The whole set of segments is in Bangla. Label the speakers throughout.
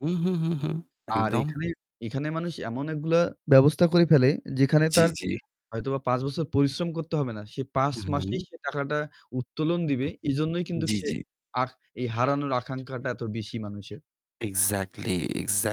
Speaker 1: হুম, হুম, হুম, হুম,
Speaker 2: আর
Speaker 1: একদম।
Speaker 2: এখানে, এখানে মানুষ এমন একগুলা ব্যবস্থা করে ফেলে যেখানে
Speaker 1: জি,
Speaker 2: তার
Speaker 1: জি।
Speaker 2: হয়তোবা ৫ বছর পরিশ্রম করতে হবে না। সে ৫ মাসেই
Speaker 1: হুম।
Speaker 2: সে টাকাটা উত্তোলন দিবে। এজন্যই
Speaker 1: উম
Speaker 2: কিন্তুক
Speaker 1: জি,
Speaker 2: সে
Speaker 1: জি।
Speaker 2: আর এই হারানোর আকাঙ্ক্ষাটা এত বেশি মানুষের।
Speaker 1: Exactly,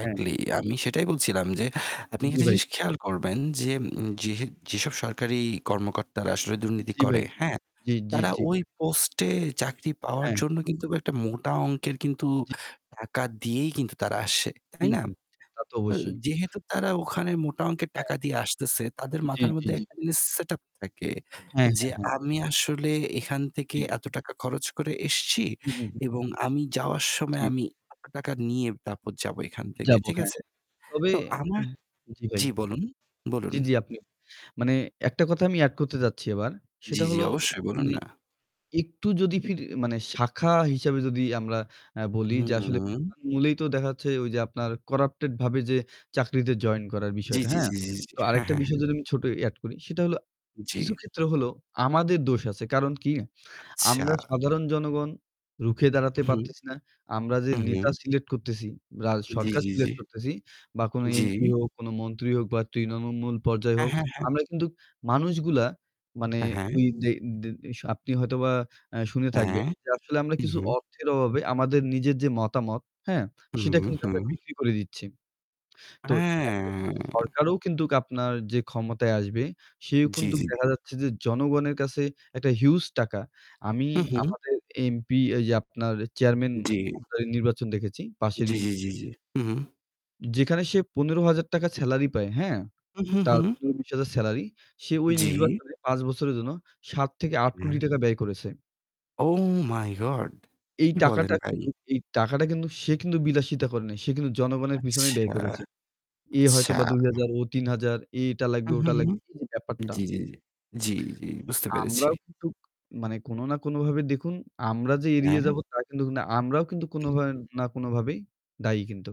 Speaker 2: হ্যাঁ।
Speaker 1: আমি সেটাই বলছিলাম যে, আপনি
Speaker 2: জি
Speaker 1: একটা
Speaker 2: ভাই।
Speaker 1: জিনিস খেয়াল করবেন যেম যেহ যেসব সরকারি কর্মকর্তারা আসলে দুর্নীতি
Speaker 2: জি
Speaker 1: করে,
Speaker 2: ভাই, জি।
Speaker 1: হ্যাঁ,
Speaker 2: জি, জি,
Speaker 1: তারা
Speaker 2: জি।
Speaker 1: ওই পোস্টে চাকরি পাওয়ার
Speaker 2: হ্যাঁ।
Speaker 1: জন্য কিন্তুক একটা মোটা অংকের কিন্তু
Speaker 2: জি।
Speaker 1: টাকা দিয়েই কিন্তু তারা আসে, তাই
Speaker 2: হুম,
Speaker 1: না?
Speaker 2: হুম। তা তো
Speaker 1: তো
Speaker 2: অবশ্যই।
Speaker 1: যেহেতু তারা ওখানে মোটা অংকের
Speaker 2: হ্যাঁ।
Speaker 1: টাকা দিয়ে আসতেছে, তাদের
Speaker 2: জি,
Speaker 1: মাথার
Speaker 2: জি,
Speaker 1: মধ্যে
Speaker 2: জি।
Speaker 1: একটা জিনিস setup থাকে
Speaker 2: হ্যাঁ,
Speaker 1: যে,
Speaker 2: হ্যাঁ, হ্যাঁ।
Speaker 1: আমি আসলে এখান থেকে
Speaker 2: জি।
Speaker 1: এত টাকা খরচ করে এসেছি
Speaker 2: হুম, হুম, হুম।
Speaker 1: এবং আমি যাওয়ার সময়
Speaker 2: টি।
Speaker 1: আমি এত টাকা নিয়ে তারপর যাব এখান থেকে।
Speaker 2: যাবো,
Speaker 1: ঠিক
Speaker 2: হ্যাঁ।
Speaker 1: আছে?
Speaker 2: তবে
Speaker 1: তো
Speaker 2: হ্যা,
Speaker 1: আমার
Speaker 2: জি ভাই।
Speaker 1: জি বলুন,
Speaker 2: জি,
Speaker 1: বলুন।
Speaker 2: জি আপনি। মানে একটা কথা আমি add করতে চাচ্ছি এবার।
Speaker 1: জি,
Speaker 2: সেটা
Speaker 1: জি
Speaker 2: হলো
Speaker 1: অবশ্যই বলুন
Speaker 2: মানে
Speaker 1: না।
Speaker 2: একটু যদি ফির মানে শাখা হিসেবে যদি আমরা এ বলি
Speaker 1: হুম,
Speaker 2: যে
Speaker 1: হুম,
Speaker 2: আসলে
Speaker 1: হুম।
Speaker 2: [unintelligible] মূলেই তো দেখাচ্ছে ওই যে আপনার corrupted ভাবে যে চাকরিতে join করার
Speaker 1: জি,
Speaker 2: বিষয়টা,
Speaker 1: জি,
Speaker 2: হ্যাঁ?
Speaker 1: জি, জি, জি।
Speaker 2: তো
Speaker 1: হ্যাঁ,
Speaker 2: আরেকটা
Speaker 1: হ্যাঁ,
Speaker 2: বিষয়
Speaker 1: হ্যাঁ।
Speaker 2: যদি আমি ছোট add করি সেটা হলো কিছু
Speaker 1: জি।
Speaker 2: ক্ষেত্রে হলো আমাদের দোষ আছে। কারণ কি?
Speaker 1: আচ্ছা।
Speaker 2: আমরা সাধারণ জনগণ রুখে দাঁড়াতে
Speaker 1: উহুম,
Speaker 2: পারতেছি না। আমরা যে
Speaker 1: উহুম।
Speaker 2: নেতা select করতেছি রা
Speaker 1: জি,
Speaker 2: সরকার
Speaker 1: জি, জি।
Speaker 2: select করতেছি বা কোন MP
Speaker 1: জি।
Speaker 2: হোক, কোন মন্ত্রী হোক বা তৃণমূল পর্যায়
Speaker 1: হ্যাঁ,
Speaker 2: হোক,
Speaker 1: হ্যাঁ, হ্যাঁ।
Speaker 2: আমরা কিন্তুক মানুষগুলা মানে
Speaker 1: এ হ্যাঁ।
Speaker 2: ওই যে দে শ আপনি হয়তোবা এ শুনে
Speaker 1: হ্যাঁ।
Speaker 2: থাকবেন যে আসলে আমরা কিছু
Speaker 1: উহুম।
Speaker 2: অর্থের অভাবে আমাদের নিজের যে মতামত, হ্যাঁ? সেটা
Speaker 1: হুম,
Speaker 2: কিন্তুক আমরা
Speaker 1: হুম।
Speaker 2: বিক্রি করে দিচ্ছি। তো একটা কিন্তু
Speaker 1: হ্যাঁ।
Speaker 2: সরকারও কিন্তুক আপনার যে ক্ষমতায় আসবে সেও
Speaker 1: জি,
Speaker 2: কিন্তুক
Speaker 1: জি।
Speaker 2: দেখা যাচ্ছে যে জনগণের কাছে একটা huge টাকা। আমি
Speaker 1: উহুম।
Speaker 2: আমাদের MP এই যে আপনার chairman
Speaker 1: জি।
Speaker 2: মহোদয় নির্বাচন দেখেছি পাশের
Speaker 1: জি, জি,
Speaker 2: ইউনি
Speaker 1: জি, জি। হুম। হুম।
Speaker 2: যেখানে সে ১৫০০০ টাকা salary পায়, হ্যাঁ?
Speaker 1: হুম, হুম,
Speaker 2: তার
Speaker 1: হুম।
Speaker 2: ১৫-২০ হাজার salary, সে ওই
Speaker 1: জি।
Speaker 2: নির্বাচনে ৫ বছরের জন্য ৭-৮ কোটি
Speaker 1: এ-হ্যা।
Speaker 2: টাকা ব্যয় করেছে।
Speaker 1: Oh my god!
Speaker 2: এই
Speaker 1: কি বলেন
Speaker 2: টাকাটা
Speaker 1: ভাই?
Speaker 2: কিন্তুক এই টাকাটা কিন্তু সে কিন্তু বিলাসিতা করে নাই। সে কিন্তু জনগণের পিছনে
Speaker 1: আচ্ছা,
Speaker 2: ব্যয় করেছে। এ
Speaker 1: আচ্ছা।
Speaker 2: হয়তোবা ২ হাজার, ও ৩ হাজার, এ এটা লাগবে,
Speaker 1: হুম,
Speaker 2: ওটা
Speaker 1: হুম, হুম।
Speaker 2: লাগবে এই যে ব্যাপারটা।
Speaker 1: জি, জি, জি। জি, জি বুঝতে পেরেছি।
Speaker 2: আমরাও কিন্তু মানে কোনো না কোনোভাবে দেখুন আমরা যে এড়িয়ে
Speaker 1: হ্যাঁ।
Speaker 2: যাবো তা কিন্তুক না। আমরাও কিন্তু কোনো
Speaker 1: উহ
Speaker 2: ভাবে না কোনোভাবেই দায়ী কিন্তু।